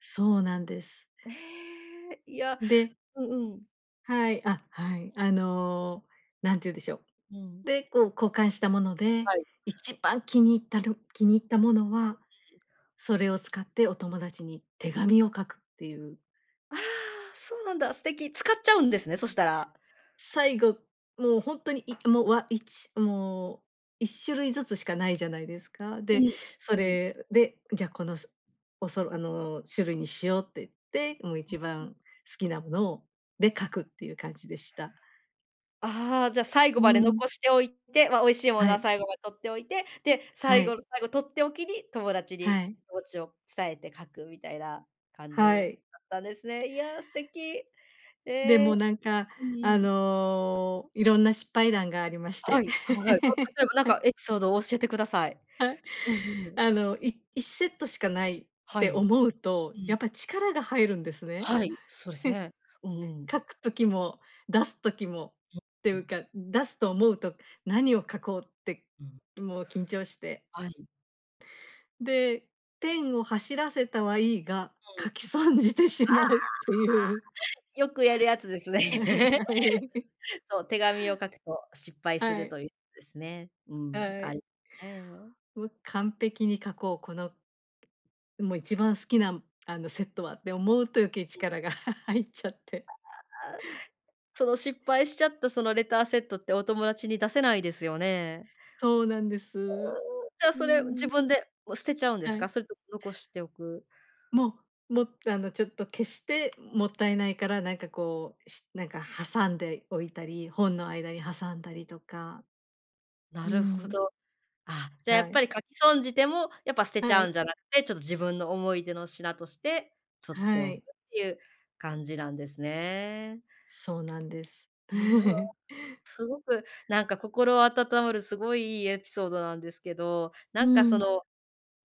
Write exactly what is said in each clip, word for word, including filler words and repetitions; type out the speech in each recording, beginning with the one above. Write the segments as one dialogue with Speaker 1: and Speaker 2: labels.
Speaker 1: そうなんです。
Speaker 2: ええ、いや、
Speaker 1: で
Speaker 2: うんうん。
Speaker 1: はい。あ、はい。あの、何て言うんでしょ
Speaker 2: う
Speaker 1: う、
Speaker 2: ん。
Speaker 1: で、こう交換したもので、
Speaker 2: はい。
Speaker 1: 一番気に入ったる気に入ったものは、それを使ってお友達に手紙を書くっていう。
Speaker 2: あら、そうなんだ、素敵。使っちゃうんですね、そしたら。
Speaker 1: 最後、もうほんとにいもう、わ、いちもういっしゅるいずつしかないじゃないですか。
Speaker 2: う
Speaker 1: で、そ
Speaker 2: ん、うん。
Speaker 1: れでじゃ、このそおそろあの種類にしようって言って、もう一
Speaker 2: [unintelligible]
Speaker 1: 番好きなものをで書くっていう感じでした。
Speaker 2: ああ、じゃ最後
Speaker 1: う
Speaker 2: まで
Speaker 1: ん。
Speaker 2: 残しておいて、ま、美味しいもの
Speaker 1: は
Speaker 2: は
Speaker 1: い。
Speaker 2: 最後まで取っておいて、で、
Speaker 1: は
Speaker 2: 最
Speaker 1: い。
Speaker 2: 後の最後とっておきに友達に
Speaker 1: はい。
Speaker 2: 気持ちを伝えて書くみたいな感
Speaker 1: は
Speaker 2: じ
Speaker 1: い。
Speaker 2: だったんですね。いや、素敵。え
Speaker 1: で
Speaker 2: え。
Speaker 1: もなんか
Speaker 2: うん
Speaker 1: あ
Speaker 2: うん。
Speaker 1: の、いろんな失敗談がありまし
Speaker 2: は
Speaker 1: て。
Speaker 2: い。あ、はい。その、例えばなんか エピソードを教えてください。
Speaker 1: はい、
Speaker 2: うんうん。
Speaker 1: あのいいっセットしかないっ
Speaker 2: は
Speaker 1: て
Speaker 2: い。
Speaker 1: 思うと、
Speaker 2: う
Speaker 1: やっ
Speaker 2: ん。
Speaker 1: ぱ力が入るんですね。
Speaker 2: はい、そうです ね。うんうん。
Speaker 1: 書く時も出す時もってい
Speaker 2: う
Speaker 1: う
Speaker 2: ん。
Speaker 1: か、出すと思うと何を書こうって
Speaker 2: うん。
Speaker 1: もう緊張して。
Speaker 2: はい。
Speaker 1: で、ペンを走らせたはいいが、
Speaker 2: うん。あ
Speaker 1: 書き損じてしまうっていう。
Speaker 2: あ、よくやるやつですね。
Speaker 1: はい。
Speaker 2: そう、手紙を書くと失敗す
Speaker 1: は
Speaker 2: ると
Speaker 1: い。
Speaker 2: いうことですね。うん、
Speaker 1: は
Speaker 2: あ
Speaker 1: い。
Speaker 2: り、ね。
Speaker 1: もう、完璧に書こう、この、うん、もう一番好きなあのセットはって思うと余計、
Speaker 2: うん。
Speaker 1: 力が 入っちゃって。
Speaker 2: ああ、その失敗しちゃったそのレターセットってお友達に出せないですよね。
Speaker 1: そうなんです。
Speaker 2: じゃ
Speaker 1: う
Speaker 2: それ、自
Speaker 1: ん。
Speaker 2: 分でもう捨てちゃうんで
Speaker 1: は
Speaker 2: す
Speaker 1: い。
Speaker 2: か？それとも残しておく。
Speaker 1: もう、も、あのちょっと消してもったいないから、なんかこう、しなんか挟んでおいたり、本の間に挟んだりとか。
Speaker 2: な
Speaker 1: う
Speaker 2: るほ
Speaker 1: ん。
Speaker 2: ど。あ、じゃあやっ
Speaker 1: はい。
Speaker 2: ぱり書き損じてもやっぱ捨てち
Speaker 1: は
Speaker 2: ゃう
Speaker 1: い。
Speaker 2: んじゃなくて、ちょっと自分の思い出の品として取って
Speaker 1: は
Speaker 2: おくっ
Speaker 1: い。
Speaker 2: ていう感じなんですね。
Speaker 1: そうなんです。
Speaker 2: うぬわ。すごく、なんか心温まるすごいいいエピソードなんですけど、な
Speaker 1: う
Speaker 2: んかそ
Speaker 1: ん。
Speaker 2: の、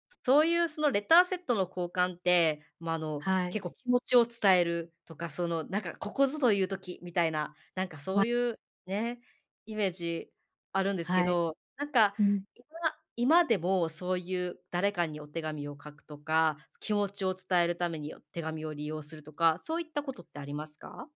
Speaker 2: すそういうそのレターセットの交換って、ま、あの
Speaker 1: はい。
Speaker 2: 結構気持ちを伝えるとか、そのなんか、ここぞという時みたいな、なんか
Speaker 1: ま。
Speaker 2: そういうね、イメージあるんですけ
Speaker 1: はい。
Speaker 2: ど、なんか
Speaker 1: うん。
Speaker 2: 今今でもそういう誰かにお手紙を書くとか、気持ちを伝えるために手紙を利用するとか、そういったことってありますか？